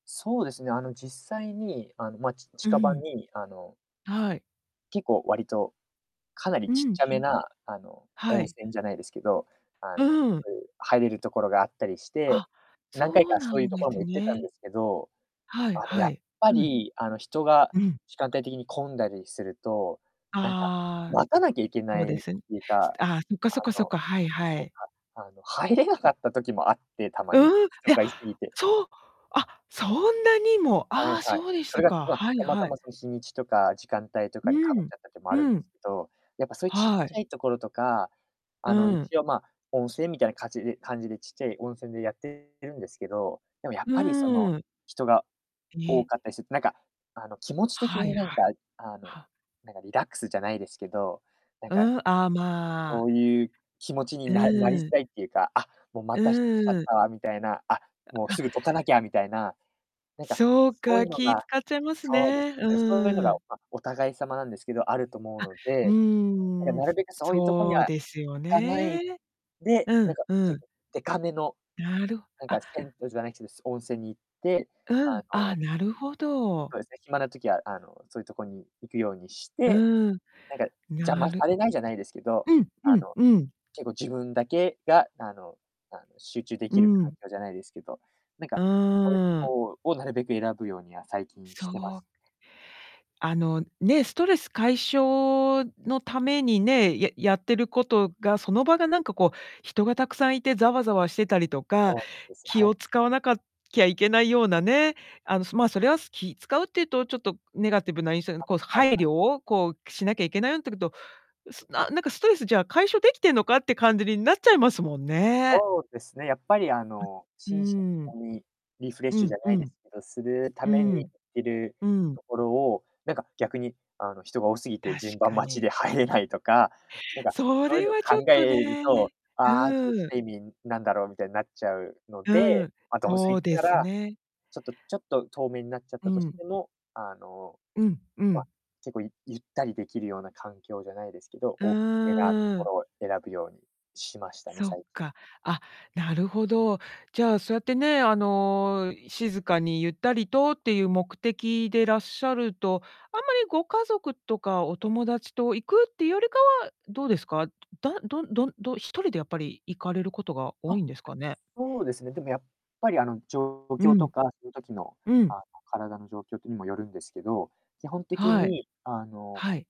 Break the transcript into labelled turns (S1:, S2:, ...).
S1: そうですね。あの実際にあの、ま、ち
S2: う
S1: 近場
S2: ん。
S1: に、あの
S2: はい。
S1: 結構割と、かなり
S2: う
S1: ちっ
S2: ん、
S1: ちゃ
S2: ち
S1: め
S2: ょっと
S1: なあの、
S2: は
S1: 温
S2: い。
S1: 泉じゃないですけど、あの、
S2: うん。
S1: そういう入れるところがあったりして、
S2: あ、
S1: 何回
S2: そう
S1: か
S2: な
S1: そういう
S2: ん
S1: と
S2: で
S1: ころ
S2: す
S1: も行ってたん
S2: ね。
S1: ですけど、
S2: は
S1: あ
S2: い
S1: の
S2: は
S1: やっ
S2: い。
S1: ぱ
S2: うん。
S1: りあの、人が、
S2: うん。
S1: 時間帯的に混んだりすると、なんか、
S2: ああ、
S1: 待たなきゃいけ
S2: そ
S1: な
S2: う
S1: い
S2: で
S1: っ
S2: す。
S1: ていう
S2: す
S1: か、
S2: てああ、そっか
S1: あ
S2: そっかそっ
S1: の、
S2: か、はいは
S1: なん
S2: い。
S1: かあの、入れなかった時もあって、たま
S2: う
S1: に、
S2: ん、い
S1: 人
S2: や、
S1: がいすぎて。
S2: そう、あ、そんなにも。
S1: はい
S2: ああ、
S1: はい、
S2: そうでし
S1: それ
S2: た
S1: が
S2: か。
S1: まあ、
S2: はい
S1: たまた
S2: はい。
S1: まその日にちとか時間帯と
S2: う
S1: かにかぶっ
S2: ん、
S1: ちゃったってもあ
S2: う
S1: るんで
S2: ん。
S1: すけど、やっぱそういう、ちっ
S2: は
S1: ち
S2: い。
S1: ゃいところとか、
S2: う
S1: あの
S2: ん。
S1: 一応まあ、温泉みたいなかちで感じでちっちゃい温泉でやっているんですけど、でもやっ
S2: う
S1: ぱりその、
S2: ーん。
S1: 人が多
S2: え。
S1: かったりするとなんか、あの、気持ち的
S2: はい
S1: になん
S2: はい。
S1: か、あの、
S2: は。
S1: なんかリラックスじゃないですけど、なん
S2: う
S1: か
S2: ん、ああ、ま
S1: こ
S2: あ。
S1: ういう気持ちに
S2: う
S1: ななりづ
S2: ーん。
S1: らいっていうか、「あ、もうま
S2: う
S1: た人来ちゃっ
S2: ーん。
S1: たわ」みたいな、「あ、もう、
S2: あ。
S1: すぐどかなきゃ」みたいな、なんか、
S2: そう
S1: そうい
S2: か、
S1: うの
S2: 気
S1: が
S2: 使っちゃいます
S1: そうです
S2: ね、
S1: ね、
S2: う
S1: なんかそういうの
S2: ー
S1: が、
S2: ん。
S1: ま、お互い様なんですけど、あると思う
S2: あ、
S1: の
S2: う
S1: で、なん
S2: ーん、
S1: か、なるべくそういうとこに
S2: そう
S1: は
S2: ですよ
S1: 行かない
S2: ね。
S1: で、
S2: う
S1: な
S2: ん、
S1: んか
S2: う
S1: 結
S2: ん。
S1: 構でかめの、
S2: なる
S1: なん
S2: あ。
S1: か銭湯じゃないけど、す温泉に行って、あ
S2: うん。あ、
S1: の
S2: なるほど。
S1: そうですね、暇な時はあの、そういうとこに行くようにし
S2: う
S1: て、
S2: ーん。
S1: なんか、邪
S2: な
S1: 魔
S2: る
S1: されないじゃないですけど、
S2: うんう
S1: あ
S2: ん
S1: の、
S2: うん。
S1: 結構自分だけが、あのあの、集中で
S2: う
S1: きる環
S2: ん。
S1: 境じゃないですけど、なん
S2: う
S1: か、そういった
S2: ーん。
S1: 方をなるべく選ぶようには最近し
S2: そ
S1: てます。
S2: う。あのね、ストレス解消のためにね、ややってることが、その場がなんかこう、人がたくさんいてザワザワしてたりとか、
S1: そうなんです、
S2: 気
S1: は
S2: を
S1: い。
S2: 使わなかきゃいけないようなね、あの、まあ、それは気使うっていうとちょっとネガティブな印象、
S1: あ、
S2: こう、
S1: はい
S2: 配
S1: は
S2: 慮
S1: い。
S2: をこう、しなきゃいけないよってこと、すななんかストレスじゃあ、解消できてんのかって感じになっちゃいますもんね。
S1: そうですね、やっぱりあの、
S2: う
S1: 心身と
S2: ん。うーん。
S1: もにリフレッ
S2: う
S1: シュじ
S2: ん
S1: ゃ
S2: う
S1: ないで
S2: ん。
S1: すけど、するた
S2: うー
S1: めに行
S2: ん。
S1: ってる
S2: うん。
S1: ところを、なんか逆に、あの、人が多すぎて
S2: 確
S1: 順番
S2: か
S1: 待ち
S2: に。
S1: で入れないとか、なんか、
S2: そ
S1: そういう
S2: れ
S1: の
S2: はちょ
S1: 考
S2: っ
S1: え
S2: と
S1: ると、
S2: ね。
S1: 「あ、ちょ
S2: う
S1: っと来
S2: ーん。
S1: た意味、なんだろう」みたいになっちゃうの
S2: う
S1: で、
S2: ん、
S1: ま、どうせ
S2: そう
S1: 行っ
S2: で
S1: た
S2: す
S1: ら、
S2: ね。
S1: ちょっとちょっと遠めになっちゃっ
S2: う
S1: たとし
S2: ん。
S1: ても、あの、
S2: うんう
S1: ま、
S2: ん。
S1: 結構、いゆったりできるような環境じゃないですけど、
S2: う
S1: 大きめなと
S2: ー
S1: こ
S2: ん。
S1: ろを選ぶようにしましたね、
S2: そっ
S1: 最近。
S2: か。あ、なるほど。じゃあ、そうやってね、あの、静かにゆったりとっていう目的でらっしゃると、あんまりご家族とかお友達と行くってよりかはどうですか、だどんどんど一人でやっぱり行かれることが多
S1: あ、
S2: いんですかね？
S1: そうですね。でもやっぱりあの、状
S2: う
S1: 況
S2: ん。
S1: とかその時の
S2: うん。
S1: あの、体の状況にもよるんですけど、基本的
S2: はい。
S1: にあの
S2: はい。